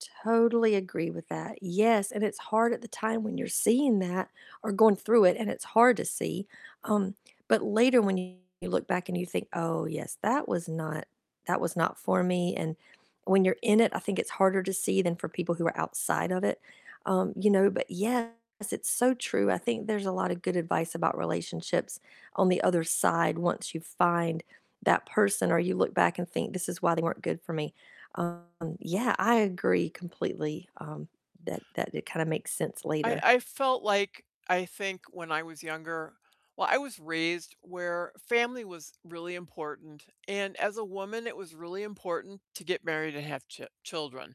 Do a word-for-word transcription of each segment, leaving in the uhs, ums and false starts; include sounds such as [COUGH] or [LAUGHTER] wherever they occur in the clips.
Totally agree with that, yes, and it's hard at the time when you're seeing that, or going through it, and it's hard to see, um, but later when you look back and you think, "Oh, yes, that was not that was not for me," and when you're in it, I think it's harder to see than for people who are outside of it, um, you know, but yes, it's so true, I think there's a lotta good advice about relationships on the other side once you find that person, or you look back and think, "This is why they weren't good for me." Um, yeah, I agree completely, um, that that it kinda makes sense I later. I felt like, I think when I was younger Well, I was raised where family was really important, and as a woman, it was really important to get married and have ch children.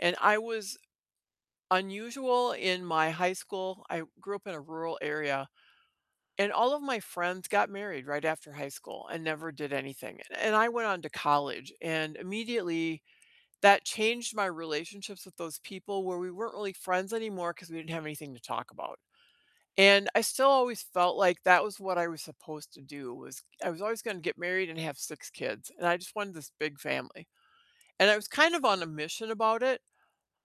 And I was unusual in my high school, I grew up in a rural area, and all of my friends got married right after high school and never did anything, and I went on to college, and immediately that changed my relationships with those people, where we weren't really friends anymore, 'cause we didn't have anything to talk about. And, I still always felt like that was what I was supposed to do, was I was always gonna get married and have six kids, and I just wanted this big family. And I was kind of on a mission about it,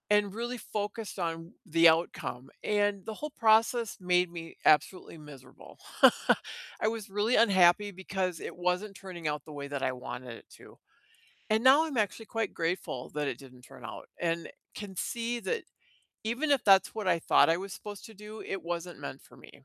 and really focused on the outcome, and the whole process made me absolutely miserable. [CHUCKLES] I was really unhappy, because it wasn't turning out the way that I wanted it to, and now I'm actually quite grateful that it didn't turn out, and can see that even if that's what I thought I was supposed to do, it wasn't meant for me.